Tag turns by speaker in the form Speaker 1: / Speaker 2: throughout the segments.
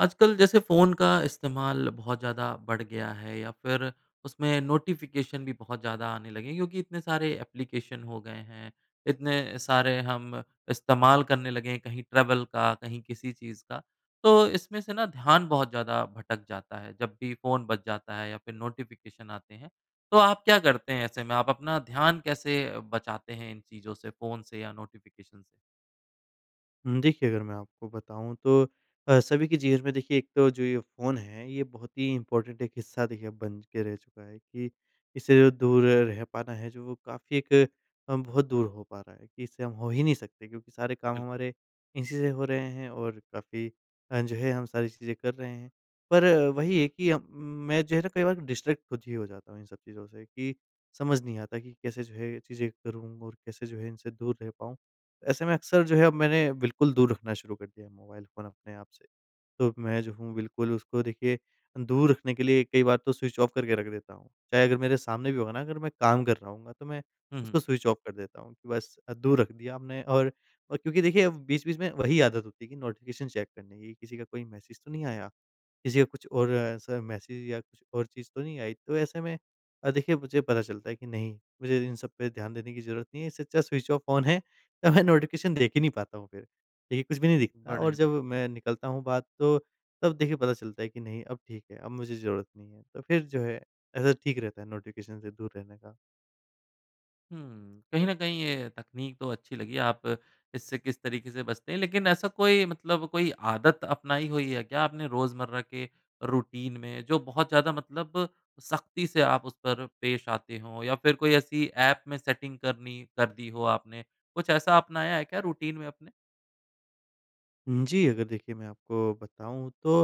Speaker 1: आजकल जैसे फ़ोन का इस्तेमाल बहुत ज़्यादा बढ़ गया है या फिर उसमें नोटिफ़िकेशन भी बहुत ज़्यादा आने लगे हैं, क्योंकि इतने सारे एप्लीकेशन हो गए हैं। इतने सारे हम इस्तेमाल करने लगे हैं कहीं ट्रैवल का कहीं किसी चीज़ का। तो इसमें से ना ध्यान बहुत ज़्यादा भटक जाता है, जब भी फ़ोन बच जाता है या फिर नोटिफ़िकेशन आते हैं। तो आप क्या करते हैं ऐसे में आप अपना ध्यान कैसे अ, बचाते हैं इन चीज़ों से फ़ोन से या नोटिफ़िकेशन से?
Speaker 2: हुँ, देखिए अगर मैं आपको बताऊँ तो अ, सभी के जीवन में देखिए एक तो जो ये फ़ोन है ये बहुत ही इम्पोर्टेंट एक हिस्सा देखिए अब बन ज के रह चुका है कि इससे जो दूर रह पाना है जो वो काफ़ी एक अ, बहुत दूर हो पा रहा है कि इससे हम हो ही नहीं सकते क्योंकि सारे काम
Speaker 1: बिल्कुल।
Speaker 2: हमारे इसी से हो रहे हैं और काफ़ी अ, जो है हम सारी चीज़ें कर रहे हैं। पर वही है कि अ, मैं जो है ना कई बार कि डिस्ट्रैक्ट खुद ही हो जाता हूँ इन सब चीज़ों से कि, समझ नहीं आता कि कैसे जो है ये चीज़ें करूँ, और कैसे जो है इनसे दूर रह पाऊँ? ऐसे में अक्सर जो है अब मैंने बिल्कुल दूर रखना शुरू कर दिया है मोबाइल फ़ोन अपने आप से। तो अब मैं जो हूँ बिल्कुल उसको देखिए अ, दूर रखने के लिए कई बार तो स्विच ऑफ करके रख देता हूँ। चाहे अगर मेरे सामने भी होगा ना अगर मैं काम कर रहा होऊँगा तो मैं
Speaker 1: हुँ, हुँ।
Speaker 2: उसको स्विच ऑफ कर देता हूँ कि बस अ, दूर रख दिया आपने और और क्योंकि देखिए अब वो बीच-बीच में वही आदत होती है कि नोटिफ़िकेशन चेक करने की। किसी का कोई मैसेज तो नहीं आया? किसी का कुछ और ऐसा मैसेज या कुछ और चीज़ तो नहीं आई? तो ऐसे में अ, देखिए मुझे पता चलता है कि नहीं, मुझे इन सब पे ध्यान देने की ज़रूरत नहीं है इससे अच्छा स्विच ऑफ फ़ोन है तो मैं नोटिफ़िकेशन देख ही नहीं पाता हूँ फिर। देखिए कुछ भी नहीं दिखता और
Speaker 1: बढ़िया।
Speaker 2: जब मैं निकलता हूँ बाहर तो तब देखिए पता चलता है कि नहीं अब ठीक है, अब मुझे ज़रूरत नहीं है। तो फिर जो है ऐसा ठीक रहता है नोटिफ़िकेशन से दूर रहने का।
Speaker 1: हुँ। कहीं न कहीं ये तकनीक तो अच्छी लगी आप इससे किस तरीके से बचते हैं। लेकिन ऐसा कोई मतलब कोई आदत अपनाई हुई है क्या आपने रोज़मर्रा के रूटीन में जो बहुत ज़्यादा मतलब सख़्ती से आप उस पर पेश आते हो या फिर कोई ऐसी ऐप में सेटिंग करनी कर दी हो आपने। कुछ ऐसा अपनाया है क्या रूटीन में अपने?
Speaker 2: उम, जी। अगर देखिए मैं आपको बताऊँ तो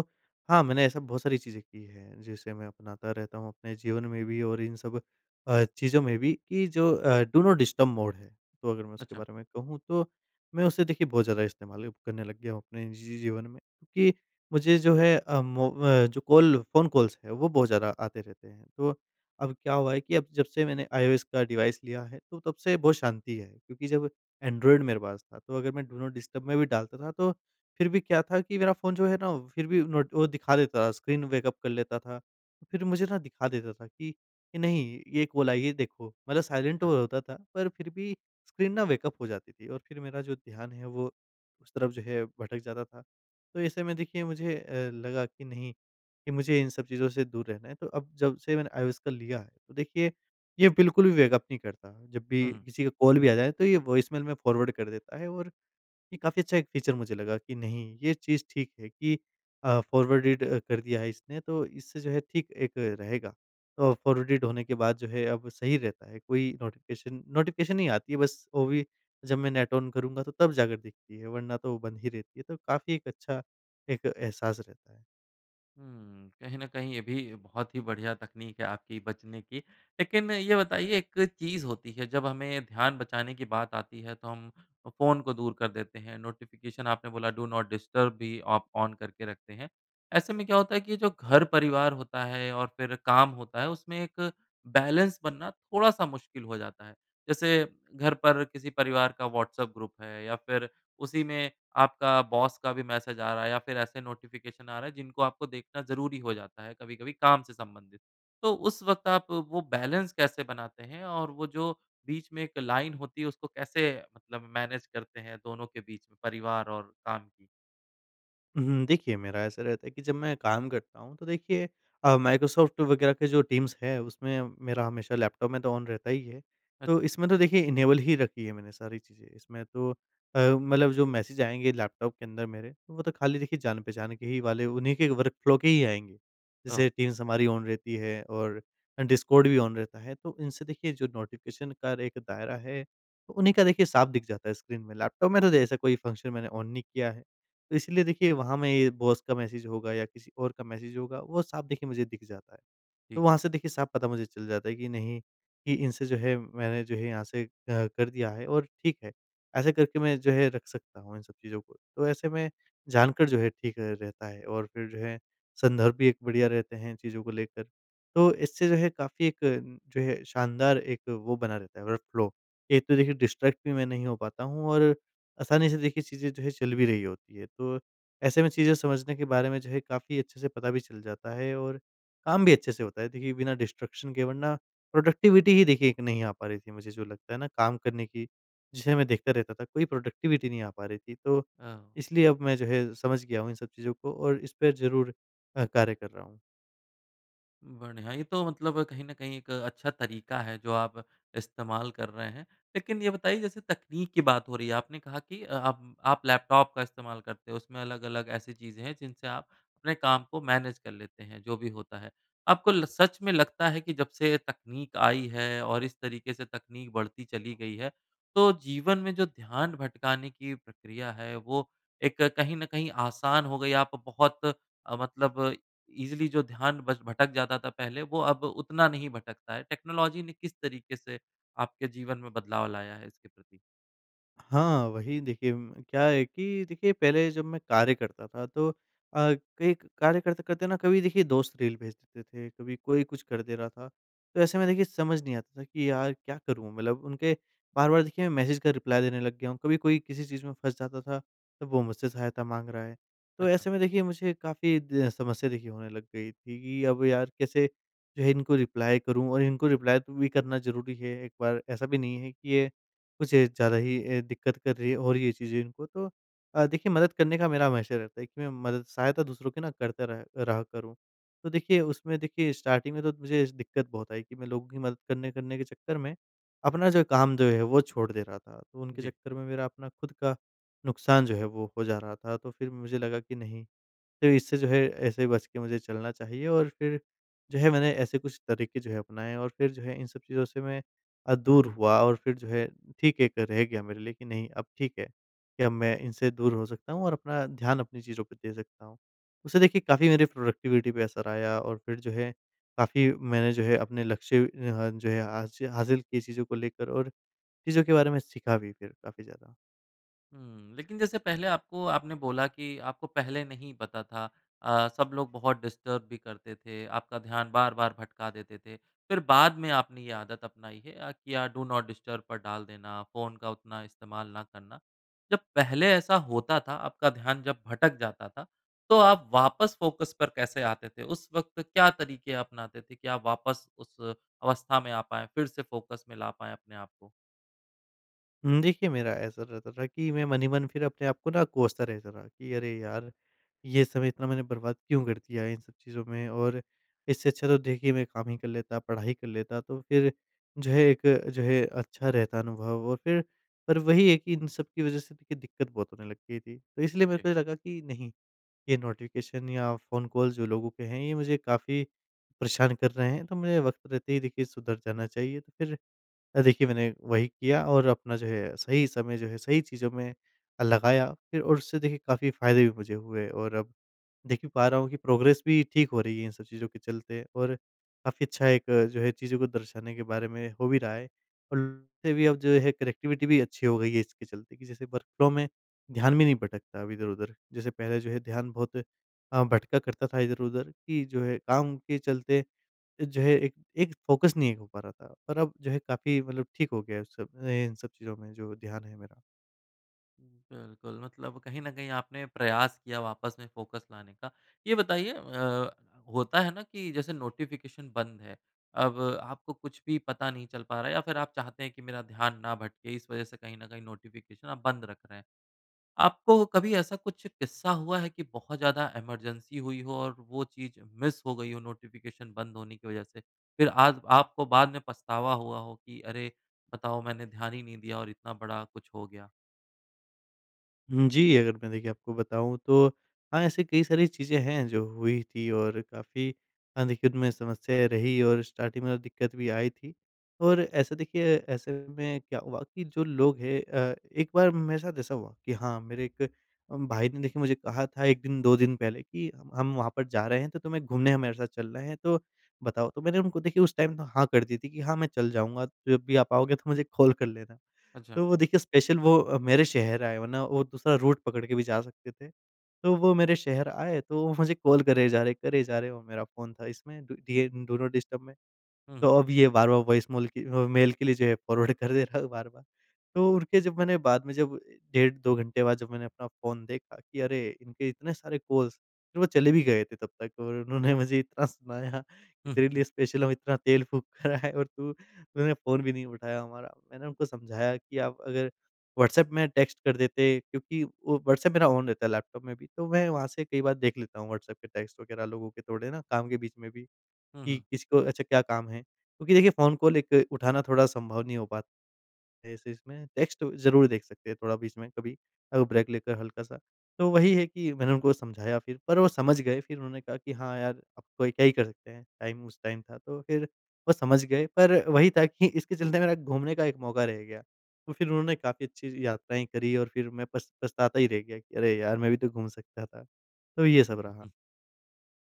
Speaker 2: हाँ, मैंने ऐसा बहुत सारी चीज़ें की है जिसे मैं अपनाता रहता हूँ अपने जीवन में भी और इन सब अ, चीज़ों में भी कि जो अ, डू नॉट डिस्टर्ब मोड है। तो अगर मैं उसके
Speaker 1: अच्छा।
Speaker 2: बारे में कहूँ तो मैं उसे देखिए बहुत ज़्यादा इस्तेमाल अब करने लग गया हूँ अपने जी जी जीवन में। क्योंकि मुझे जो है अ, मोब अ, जो कॉल फ़ोन कॉल्स है वो बहुत ज़्यादा आते रहते हैं। तो अब क्या हुआ है कि अब जब से मैंने आईओएस का डिवाइस लिया है तो तब से बहुत शांति है। क्योंकि जब एंड्रॉयड मेरे पास था तो अगर मैं डू नॉट डिस्टर्ब में भी डालता था तो फिर भी क्या था कि मेरा फ़ोन जो है ना वो फिर भी नोट वो दिखा देता था स्क्रीन वेकअप कर लेता था फिर मुझे ना दिखा देता था कि नहीं ये कॉल आई है ये देखो। मतलब साइलेंट
Speaker 1: हाँ।
Speaker 2: वो होता था पर फिर भी स्क्रीन ना वेकअप हो जाती थी और फिर मेरा जो ध्यान है वो उस तरफ़ जो है भटक जाता था। तो ऐसे में देखिए मुझे अ, लगा कि नहीं, कि मुझे इन सब चीज़ों से दूर रहना है। तो अब जब से मैंने आईओएस का लिया है तो देखिए ये बिल्कुल भी वेकअप नहीं करता। जब भी
Speaker 1: हुँ, हुँ।
Speaker 2: किसी का कॉल भी आ जाए तो ये वॉइसमेल में फ़ॉरवर्ड कर देता है और ये काफ़ी अच्छा एक फ़ीचर मुझे लगा कि नहीं ये चीज़ ठीक है कि अ, फ़ॉरवर्डेड अ कर दिया है इसने तो इससे जो है ठीक एक रहेगा। तो फ़ॉरवर्डेड होने के बाद जो है अब सही रहता है कोई नोटिफ़िकेशन, नोटिफ़िकेशन नहीं आती है बस वो भी जब मैं नेट ऑन करूँगा तो तब जाकर दिखती है वरना तो वो बंद ही रहती है। तो काफ़ी एक अच्छा एक एहसास रहता है।
Speaker 1: हुँ। कहीं न कहीं ये भी बहुत ही बढ़िया तकनीक है आपकी बचने की। लेकिन ये बताइए एक चीज़ होती है जब हमें ध्यान बचाने की बात आती है तो हम अ, फ़ोन को दूर कर देते हैं। नोटिफ़िकेशन आपने बोला डू नॉट डिस्टर्ब भी आप ऑन करके रखते हैं। ऐसे में क्या होता है कि जो घर परिवार होता है और फिर काम होता है उसमें एक बैलेंस बनना थोड़ा-सा मुश्किल हो जाता है। जैसे घर पर किसी परिवार का व्हाट्सएप ग्रुप है या फिर उसी में आपका बॉस का भी मैसेज आ रहा है या फिर ऐसे नोटिफ़िकेशन आ रहे है जिनको आपको देखना ज़रूरी हो जाता है कभी-कभी काम से संबंधित। तो उस वक़्त आप वो बैलेंस कैसे बनाते हैं? और वो जो बीच में एक लाइन होती है उसको कैसे मतलब मैनेज करते हैं दोनों के बीच में, परिवार और काम की?
Speaker 2: हुँ। देखिए मेरा ऐसा रहता है कि जब मैं काम करता हूँ तो देखिए अ, माइक्रोसॉफ्ट वग़ैरह के जो टीम्स है उसमें मेरा हमेशा लैपटॉप में तो ऑन रहता ही है। तो
Speaker 1: अच्छा।
Speaker 2: इसमें तो देखिए इनेबल ही रखी है मैंने सारी चीज़ें। इसमें तो अ, मतलब जो मैसेज आएँगे लैपटॉप के अंदर मेरे, वो तो खाली देखिए जान पहचान के ही वाले उन्हीं के वर्क फ़्लो के ही आएँगे।
Speaker 1: ओह!
Speaker 2: जैसे टीम्स हमारी ऑन रहती है और अ, डिस्कॉर्ड भी ऑन रहता है। तो इनसे देखिए जो नोटिफ़िकेशन का एक दायरा है, उन्हीं का देखिए साफ़ दिख जाता है स्क्रीन में। लैपटॉप में तो ऐसा कोई फंक्शन मैंने ऑन नहीं किया है। तो इसलिए देखिए वहाँ में ये बॉस का मैसेज होगा या किसी और का मैसेज होगा वो साफ़ देखिए मुझे दिख जाता है। तो
Speaker 1: ठीक।
Speaker 2: वहाँ से देखिए साफ़ पता मुझे चल जाता है कि नहीं कि इनसे जो है मैंने जो है यहाँ से अ, कर दिया है और ठीक है। ऐसे करके मैं जो है रख सकता हूँ इन सब चीज़ों को। तो ऐसे में जानकर जो है ठीक रहता है। और फिर जो है संदर्भ भी एक बढ़िया रहते हैं इन चीज़ों को लेकर। तो इससे जो है काफ़ी एक अ, जो है शानदार एक वो बना रहता है वर्क फ़्लो। एक तो देखिए डिस्ट्रैक्ट भी मैं नहीं हो पाता हूँ और आसानी से देखिए चीज़ें जो है चल भी रही होती है। तो ऐसे में चीज़ें समझने के बारे में जो है काफ़ी अच्छे से पता भी चल जाता है और काम भी अच्छे से होता है। देखिए बिना डिस्ट्रैक्शन के वरना, प्रोडक्टिविटी ही देखिए एक नहीं आ पा रही थी मुझे जो लगता है ना, काम करने की। जिसे मैं देखता रहता था कोई प्रोडक्टिविटी नहीं आ पा रही थी तो
Speaker 1: अ, ओ
Speaker 2: इसलिए अब मैं जो है समझ गया हूँ इन सब चीज़ों को और इस पे ज़रूर अ, कार्य कर रहा हूँ।
Speaker 1: बढ़िया। ये तो मतलब कहीं न कहीं एक अच्छा तरीका है, जो आप इस्तेमाल कर रहे हैं। लेकिन ये बताइए, जैसे तकनीक की बात हो रही है। आपने कहा कि अ, आप आप लैपटॉप का इस्तेमाल करते हों, उसमें अलग-अलग ऐसी चीज़ें हैं, जिनसे आप अपने काम को मैनेज कर लेते हैं, जो भी होता है। आपको ल सच में लगता है कि जब से तकनीक आई है और इस तरीके से तकनीक बढ़ती चली गई है, तो जीवन में जो ध्यान भटकाने की प्रक्रिया है, वो एक कहीं न कहीं आसान हो गई। आप बहुत अ, मतलब ईज़िली जो ध्यान बस भटक जाता था पहले, वो अब उतना नहीं भटकता है। टेक्नोलॉजी ने किस तरीके से आपके जीवन में बदलाव लाया है इसके प्रति?
Speaker 2: हाँ। वही देखिए उम, क्या है कि देखिए पहले जब मैं कार्य करता था तो अ, कई एक कार्य करते-करते ना कभी देखिए दोस्त रील भेज देते थे, कभी कोई कुछ कर दे रहा था। तो ऐसे में देखिए समझ नहीं आता था कि यार क्या करूँ? मतलब उनके बार-बार देखिए मैं मैसेज का रिप्लाई देने लग गया हूँ। कभी कोई किसी चीज़ में फँस जाता था, तो वो मुझसे सहायता माँग रहा है। तो
Speaker 1: अच्छा।
Speaker 2: ऐसे में देखिए मुझे काफ़ी ज समस्या देखिए होने लग गई थी कि अब यार कैसे जो है इनको रिप्लाई करूँ? और इनको रिप्लाई तू भी करना ज़रूरी है एक बार। ऐसा भी नहीं है कि ये कुछ ज़्यादा ही अ, दिक्कत कर रही है और ये चीज़ें इनको तो अ, देखिए मदद करने का मेरा हमेशा रहता है कि मैं मदद सहायता दूसरों की ना करता रह रहा करूँ। तो देखिए उसमें देखिए स्टार्टिंग में तो मुझे दिक्कत बहुत आई कि मैं लोगों की मदद करने करने के चक्कर में अपना जो काम जो है, वो छोड़ दे रहा था। तो उनके
Speaker 1: जी।
Speaker 2: चक्कर में मेरा अपना खुद का नुकसान जो है, वो हो जा रहा था। तो फिर मुझे लगा कि नहीं, तो इससे जो है ऐसे ही बच के मुझे चलना चाहिए और फिर जो है मैंने ऐसे कुछ तरीके जो है अपनाएँ। और फिर जो है इन सब चीज़ों से मैं अ, दूर हुआ। और फिर जो है ठीक है एक रह गया मेरे लिए कि नहीं अब ठीक है कि अब मैं इनसे दूर हो सकता हूँ और अपना ध्यान अपनी चीज़ों पे दे सकता हूँ। उससे देखिए काफ़ी मेरी प्रोडक्टिविटी पे असर आया और फिर जो है काफ़ी मैंने जो है अपने लक्ष्य अ, जो हैं हासि हासिल की चीज़ों को लेकर और चीज़ों के बारे में सीखा भी फिर काफ़ी ज़्यादा।
Speaker 1: हुँ। लेकिन जैसे पहले आपको आपने बोला कि आपको पहले नहीं पता था। अ, सब लोग बहुत डिस्टर्ब भी करते थे। आपका ध्यान बार-बार भटका देते थे। फिर बाद में आपने ये आदत अपनाई है अ, कि अ, डू नॉट डिस्टर्ब पर डाल देना, फ़ोन का उतना इस्तेमाल ना करना। जब पहले ऐसा होता था आपका ध्यान जब भटक जाता था। तो आप वापस फ़ोकस पर कैसे आते थे? उस वक़्त क्या तरीके अपनाते थे कि आप वापस उस अवस्था में आ पाएँ फिर से फ़ोकस में ला पाएँ अपने आपको?
Speaker 2: उम, देखिए मेरा ऐसा रहता था कि मैं मन ही मन फिर अपने आप को ना कोसता रहता था कि, "अरे यार! ये समय इतना मैंने बर्बाद क्यों कर दिया इन सब चीज़ों में? और इससे अच्छा तो देखिए मैं काम ही कर लेता पढ़ाई कर लेता।" तो फिर जो है, एक जो है अच्छा रहता अनुभव और फिर पर वही है कि इन सब की वजह से देखिए दिक्कत बहुत होने लग गई थी। तो इसलिए मेरे
Speaker 1: जी।
Speaker 2: को ये लगा कि नहीं, ये नोटिफ़िकेशन या फ़ोन कॉल जो लोगों के हैं ये मुझे काफ़ी परेशान कर रहे हैं। तो मुझे वक़्त रहते ही देखिए सुधर जाना चाहिए। तो फिर अ, देखिए मैंने वही किया और अपना जो है सही समय जो है सही चीज़ों में अ, लगाया फिर और उससे देखिए काफ़ी फ़ायदे भी मुझे हुए और अब देख ही पा रहा हूँ कि प्रोग्रेस भी ठीक हो रही है इन सब चीज़ों के चलते और काफ़ी अच्छा एक जो है चीज़ों को दर्शाने के बारे में हो भी रहा है उल भी अब जो है कनेक्टिविटी भी अच्छी हो गई है इसके चलते कि जैसे वर्क फ्लो में ध्यान भी नहीं भटकता अब इधर-उधर। जैसे पहले जो है ध्यान बहुत अ, भटका करता था इधर-उधर कि जो है काम के चलते अ, जो है एक एक फ़ोकस नहीं हो पा रहा था। पर अब जो है काफ़ी मतलब ठीक हो गया है सब ए इन सब चीज़ों में जो ध्यान है मेरा।
Speaker 1: बिल्कुल मतलब कहीं न कहीं आपने प्रयास किया वापस में फ़ोकस लाने का। यह बताइए अ, होता है ना कि जैसे नोटिफिकेशन बंद है। अब आपको कुछ भी पता नहीं चल पा रहा है या फिर आप चाहते हैं कि मेरा ध्यान ना भटके इस वजह से कहीं न कहीं नोटिफिकेशन आप बंद रख रहे हैं। आपको कभी ऐसा कुछ किस्सा हुआ है कि बहुत ज़्यादा इमरजेंसी हुई हो और वो चीज़ मिस हो गई हो नोटिफिकेशन बंद होने की वजह से। फिर आज आपको बाद में पछतावा हुआ हो कि, "अरे, बताओ मैंने ध्यान ही नहीं दिया और इतना बड़ा कुछ हो गया।"
Speaker 2: हुँ जी, अगर मैं देखिए आपको बताऊँ तो हाँ, ऐसे कई सारी चीज़ें हैं जो हुई थी और काफ़ी हाँ, देखिए उनमें समस्याएँ रही और स्टार्टिंग में तो दिक्कत भी आई थी। और ऐसे देखिए, ऐसे में क्या हुआ कि जो लोग हैं अ, एक बार मेरे साथ ऐसा हुआ कि हाँ, मेरे एक उम, भाई ने देखिए मुझे कहा था एक दिन 2 दिन पहले कि, "हम हम वहाँ पर जा रहे हैं तो तुम्हें घूमने हमारे साथ चलना है तो बताओ।" तो मैंने उनको देखिए उस टाइम तो हाँ कर दी थी कि, "हाँ, मैं चल जाऊँगा तो जब भी आप आओगे तो मुझे कॉल कर लेना।"
Speaker 1: अच्छा।
Speaker 2: तो वो देखिए स्पेशल वो अ, मेरे शहर आए वरना वो दूसरा रूट पकड़ के भी जा सकते थे। तो वो मेरे शहर आए तो वो मुझे कॉल करे जा रहे हैं, करे जा रहे हैं वो मेरा फ़ोन था इसमें डु डिएन डू नॉट डिस्टर्ब में।
Speaker 1: हुँ।
Speaker 2: तो अब ये बार-बार वॉइस मेल की वो मेल के लिए जो है फॉरवर्ड कर दे रहा है बार-बार। तो उनके जब मैंने बाद में जब डेढ़ 2 घंटे बाद जब मैंने अपना फ़ोन देखा कि, "अरे! इनके इतने सारे कॉल्स।" फिर वो चले भी गए थे तब तक और उन्होंने मुझे इतना सुनाया कि
Speaker 1: हुँ, हुँ,
Speaker 2: तेरे
Speaker 1: हुँ।
Speaker 2: लिए स्पेशल हम इतना तेल फूँक कर आए और तू उन्होंने फ़ोन भी नहीं उठाया हमारा। मैंने उनको समझाया कि आप अगर व्हाट्सएप में टेक्स्ट कर देते क्योंकि वो व्हाट्सएप मेरा ऑन रहता है लैपटॉप में भी। तो मैं वहाँ से कई बार देख लेता हूँ व्हाट्सएप के टेक्स्ट वग़ैरह लोगों के थोड़े ना काम के बीच में भी।
Speaker 1: हुँ,
Speaker 2: कि
Speaker 1: हुँ।
Speaker 2: किसको अच्छा क्या काम है? क्योंकि देखिए फ़ोन कॉल एक उठाना थोड़ा संभव नहीं हो पात ऐसे इसमें। टेक्स्ट तो ज़रूर देख सकते हैं थोड़ा बीच में कभी अ, ब्रेक लेकर हल्का-सा। तो वही है कि मैंने उनको समझाया फिर पर वो समझ गए फिर उन्होंने कहा कि, "हाँ यार, अब कोई क्या ही कर सकते हैं? टाइम उस टाइम था।" तो फिर वो समझ गए पर वही था कि इसके चलते मेरा घूमने का एक मौका रह गया। तो फिर उन्होंने काफ़ी अच्छी ज यात्राएँ करी और फिर मैं पछ पछताता ही रह गया कि, "अरे यार! मैं भी तो घूम सकता था।" तो ये सब रहा।
Speaker 1: [unintelligible]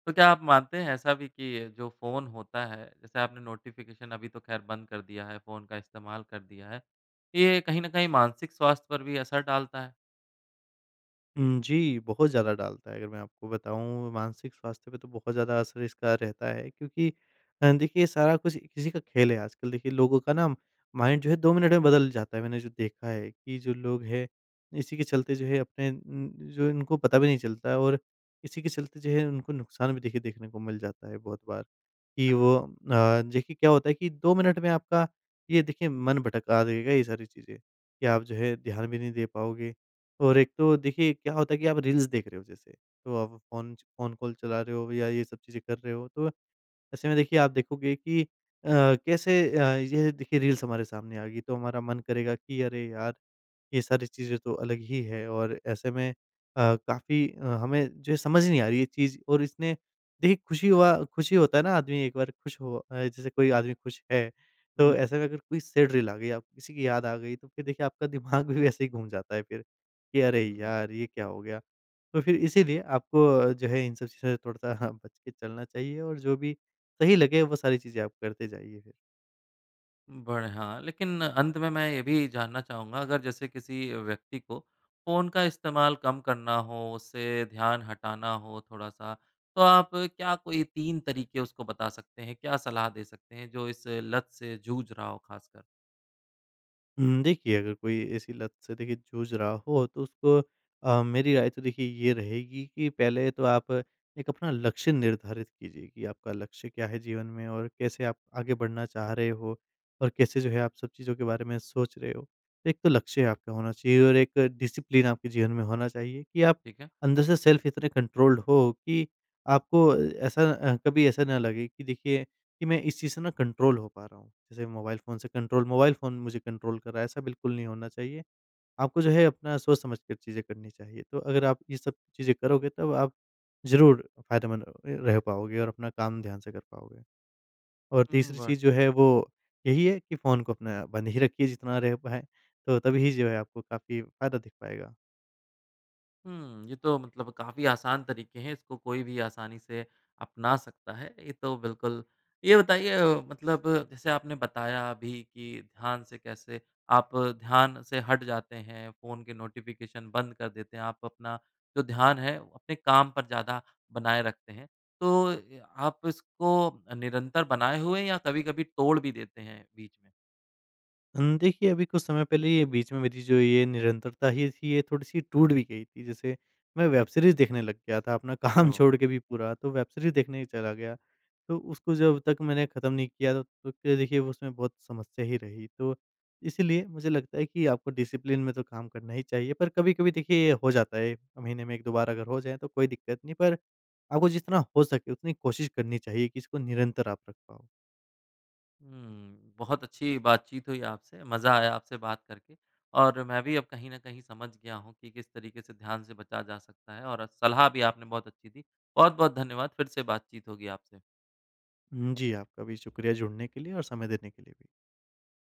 Speaker 1: तो क्या आप मानते हैं ऐसा भी कि अ, जो फ़ोन होता है, जैसे आपने नोटिफिकेशन अभी तो खैर बंद कर दिया है फ़ोन का इस्तेमाल कर दिया है। ये कहीं न कहीं मानसिक स्वास्थ्य पर भी असर डालता है।
Speaker 2: उम, जी। बहुत ज़्यादा डालता है अगर मैं आपको बताऊँ मानसिक स्वास्थ्य पे तो बहुत ज़्यादा असर इसका रहता है क्योंकि अ, देखिए सारा कुछ इसी का खेल है आजकल। देखिए लोगों का ना अम माइंड जो है 2 मिनट में बदल जाता है मैंने जो देखा है कि जो लोग हैं, इसी के चलते जो है अपने उम, जो इनको पता भी नहीं चलता है और इसी के चलते जो है उनको नुकसान भी देखिए देखने को मिल जाता है बहुत बार। कि वो अ, देखिए क्या होता है कि 2 मिनट में आपका ये देखिए मन भटका देगा ये सारी चीज़ें, कि आप जो है ध्यान भी नहीं दे पाओगे, और एक तो देखिए क्या होता है कि आप रील्स देख रहे हो जैसे तो आप फ़ोन च फ़ोन कॉल चला रहे हो या ये सब चीज़ें कर रहे हो तो, ऐसे में देखिए आप देखोगे कि अ, कैसे अ, ये देखिए रील्स हमारे सामने आ गई तो हमारा मन करेगा कि अरे यार, ये सारी चीज़ें तो अलग ही है। और ऐसे में अ, काफ़ी अ, हमें जो समझ नहीं आ रही ये चीज़ और इसने देखिए खुशी हुआ खुश ही होता है ना आदमी एक बार खुश हो अ, जैसे कोई आदमी खुश है तो
Speaker 1: बिल
Speaker 2: ऐसे में अगर कोई सैड रील आ गई आपको किसी की याद आ गई तो फ़िर देखिए आपका दिमाग भी वैसे ही घूम जाता है फ़िर, कि अरे
Speaker 1: हुँ।
Speaker 2: यार! ये क्या हो गया? तो फ़िर इसीलिए आपको अ, जो है इन सब चीज़ों से थोड़ा-सा बच के चलना चाहिए और जो भी सही लगे वो सारी चीज़ें आप करते जाइए फ़िर।
Speaker 1: बढ़िया। लेकिन अंत में मैं ये भी जानना चाहूँगा अगर जैसे किसी व्यक्ति को फ़ोन का इस्तेमाल कम करना हो, उससे ध्यान हटाना हो थोड़ा-सा, तो आप क्या कोई तीन तरीके उसको बता सकते हैं? क्या सलाह दे सकते हैं जो इस लत से जूझ रहा हो खासकर?
Speaker 2: उम, देखिए अगर कोई ऐसी लत से देखिए जूझ रहा हो तो उसको अ, मेरी राय तो देखिए ये रहेगी कि पहले तो आप एक अपना लक्ष्य निर्धारित कीजिए कि आपका लक्ष्य क्या है जीवन में और कैसे आप आगे बढ़ना चाह रहे हो, और कैसे जो है आप सब चीज़ों के बारे में सोच रहे हो। एक तो लक्ष्य आपका होना चाहिए। और एक डिसिप्लिन आपके जीवन में होना चाहिए कि आप
Speaker 1: ठीक है।
Speaker 2: अंदर से सेल्फ़ इतने कंट्रोल्ड हो कि आपको अ, ऐसा अ, कभी ऐसा न लगे कि देखिए कि मैं इस चीज़ से न कंट्रोल हो पा रहा हूँ। जैसे मोबाइल फ़ोन से कंट्रोल मोबाइल फ़ोन मुझे कंट्रोल कर रहा है। ऐसा बिल्कुल नहीं होना चाहिए। आपको जो है अपना सोच समझकर चीज़ें करनी चाहिए। तो अगर आप ये सब चीज़ें करोगे तब आप ज़रूर फायदेमंद र रह पाओगे और अपना काम ध्यान से कर पाओगे। और
Speaker 1: हुँ,
Speaker 2: तीसरी
Speaker 1: बढ़
Speaker 2: चीज़ जो है वो यही है कि फ़ोन को अपना बंद ही रखिए जितना रह पाए। तो तब ही जो है आपको काफ़ी फ़ायदा दिख पाएगा।
Speaker 1: हुँ। ये तो मतलब काफ़ी आसान तरीके हैं इसको कोई भी आसानी से अपना सकता है। ये तो बिल्कुल ये बताइए अ, मतलब जैसे आपने बताया अभी कि ध्यान से कैसे आप ध्यान से हट जाते हैं फ़ोन के नोटिफिकेशन बंद कर देते हैं। आप अपना जो ध्यान है अपने काम पर ज़्यादा बनाए रखते हैं। तो ए, अ, आप इसको निरंतर बनाए हुए या कभी-कभी तोड़ भी देते हैं बीच में?
Speaker 2: हुँ। देखिए अभी कुछ समय पहले ये बीच में मेरी जो ये निरंतरता ही थी ये थोड़ी-सी टूट भी गई थी। जैसे मैं वेब सीरीज़ देखने लग गया था अपना काम
Speaker 1: ओह!
Speaker 2: छोड़ के भी पूरा। तो वेब सीरीज़ देखने ही चला गया। तो उसको जब तक मैंने खत्म नहीं किया तो, तो क्या देखिए उसमें बहुत समस्या ही रही। तो इसलिए मुझे लगता है कि आपको डिसिप्लिन में तो काम करना ही चाहिए। पर कभी-कभी देखिए ये हो जाता है महीने में 1-2 बार अगर हो जाए तो कोई दिक्कत नहीं। पर आपको जितना हो सके उतनी कोशिश करनी चाहिए कि इसको निरंतर आप रख पाओ।
Speaker 1: हुँ। बहुत अच्छी बातचीत हुई आपसे। मज़ा आया आपसे बात करके। और मैं भी अब कहीं न कहीं समझ गया हूँ कि किस तरीके से ध्यान से बचा जा सकता है और सलाह भी आपने बहुत अच्छी दी। बहुत-बहुत धन्यवाद। फ़िर से बातचीत होगी आपसे।
Speaker 2: उम, जी। आपका भी शुक्रिया जुड़ने के लिए और समय देने के लिए भी।